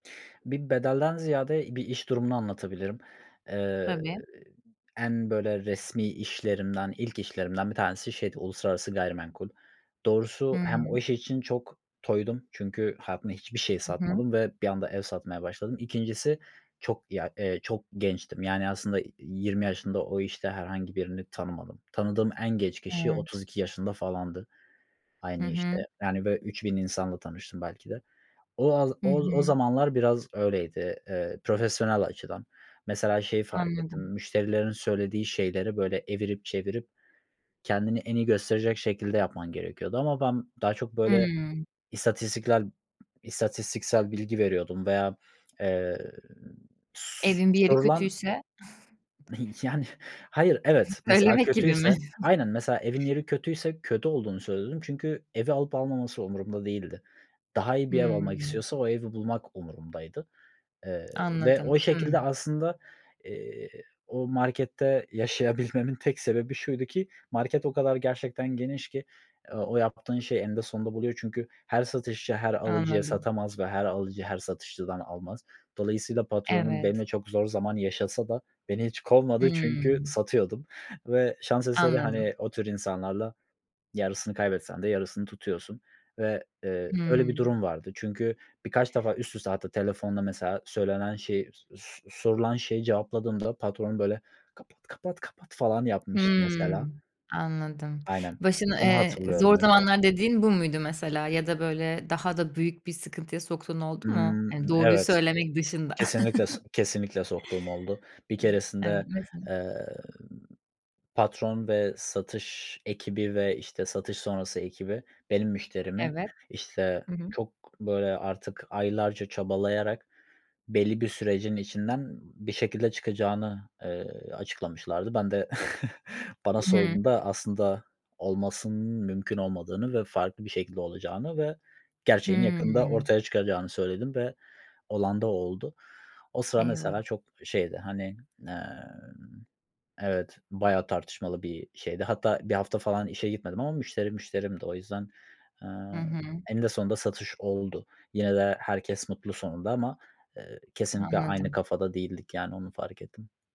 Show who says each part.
Speaker 1: Bir bedelden ziyade, i bir iş durumunu anlatabilirim. Iıı,
Speaker 2: Tabii.
Speaker 1: en, böyle, resmî işlerimden, ilk işlerimden bir tanesi şeydi: Uluslararası gayrimenkul. Doğrusu hem o
Speaker 2: Hıı.
Speaker 1: iş için çok toydum çünkü hayatımda hiçbir şey
Speaker 2: Hı hı.
Speaker 1: satmadım ve bir anda ev satmaya başladım. 2'ncisi çok ya, eee, çok gençtim, yani aslında, iii, 20 yaşında o işte herhangi birini tanımadım. Tanıdığım en genç kişi otuz
Speaker 2: Evet.
Speaker 1: iki yaşında falandı.
Speaker 2: Hı
Speaker 1: Aynı
Speaker 2: hı.
Speaker 1: işte, yani böyle 3.000 insanla tanıştım belki de. O a
Speaker 2: Hı
Speaker 1: o o
Speaker 2: hı.
Speaker 1: zamanlar biraz öyleydi, ııı, profesyonel açıdan. Mesela şeyi fark ettim,
Speaker 2: Anladım.
Speaker 1: müşterilerin söylediği şeyleri böyle evirip, çevirip kendini en iyi gösterecek şekilde yapman gerekiyordu ama ben daha çok böyle
Speaker 2: Hıı.
Speaker 1: istatistiklel istatistiksel bilgi veriyordum veya, eee, s
Speaker 2: Evin bir yeri
Speaker 1: sorulan
Speaker 2: kötüyse...
Speaker 1: Yani, hayır. Evet, mesela
Speaker 2: söylemek gibi mi?
Speaker 1: kötüyse aynen mesela evin yeri kötüyse kötü olduğunu söylüyordum çünkü evi alıp almaması umurumda değildi. Daha iyi bir ev almak
Speaker 2: Hıı.
Speaker 1: istiyorsa o evi bulmak umurumdaydı, ııı, ve o
Speaker 2: Anladım,
Speaker 1: şekilde
Speaker 2: hımm.
Speaker 1: aslında, iii, o markette yaşayabilmemin tek sebebi şuydu ki market o kadar gerçekten geniş ki, ııı, o yaptığın şey eninde sonunda buluyor çünkü her satışçı her alıcıya
Speaker 2: Anladım.
Speaker 1: satamaz ve her alıcı her satışçıdan almaz. Dolayısıyla patronum
Speaker 2: Evet.
Speaker 1: benimle çok zor zaman yaşasa da beni hiç kovmadı çünkü
Speaker 2: Hımm.
Speaker 1: satıyordum ve şans eseri,
Speaker 2: Anladım.
Speaker 1: hani o tür insanlarla yarısını kaybetsen de yarısını tutuyorsun ve, ııı, öyle bir
Speaker 2: Hımm.
Speaker 1: durum vardı. Çünkü birkaç defa üst üste hatta telefonda mesela söylenen şey so so sorulan şeyi cevapladığımda patron böyle "Kapat, kapat, kapat!" falan yapmıştı, mesela.
Speaker 2: Hımm, anladım.
Speaker 1: Aynen,
Speaker 2: Başın
Speaker 1: onu
Speaker 2: eee,
Speaker 1: hatırlıyorum
Speaker 2: "zor
Speaker 1: mesela.
Speaker 2: zamanlar" dediğin bu muydu mesela? Ya da böyle daha da büyük bir sıkıntıya soktuğun oldu mu? Hani
Speaker 1: Hımm,
Speaker 2: doğruyu
Speaker 1: evet,
Speaker 2: söylemek dışında.
Speaker 1: kesinlikle so kesinlikle soktuğum oldu. Bir
Speaker 2: Hımm. Evet.
Speaker 1: keresinde,
Speaker 2: [unintelligible]
Speaker 1: ııı, patron ve satış ekibi ve, işte, satış sonrası ekibi benim müşterimi,
Speaker 2: Evet,
Speaker 1: işte,
Speaker 2: hı hı.
Speaker 1: çok, böyle, artık aylarca çabalayarak belli bir sürecin içinden bir şekilde çıkacağını, ııı, açıklamışlardı. Ben de bana
Speaker 2: Hıı.
Speaker 1: sorduğunda, aslında olmasının mümkün olmadığını ve farklı bir şekilde olacağını ve gerçeğin yakında
Speaker 2: Hıı.
Speaker 1: ortaya çıkacağını söyledim ve olan da oldu. O sıra,
Speaker 2: Eyvah!
Speaker 1: mesela, çok şeydi. Hani, aaa, evet, bayağı tartışmalı bir şeydi. Hatta 1 hafta falan işe gitmedim ama müşteri müşterimdi. O yüzden,
Speaker 2: Hı
Speaker 1: aaa,
Speaker 2: hı.
Speaker 1: eninde sonunda satış oldu. Yine de herkes mutlu sonunda ama, ııı, kesinlikle aynı
Speaker 2: Anladım.
Speaker 1: kafada değildik, yani. Onu fark ettim.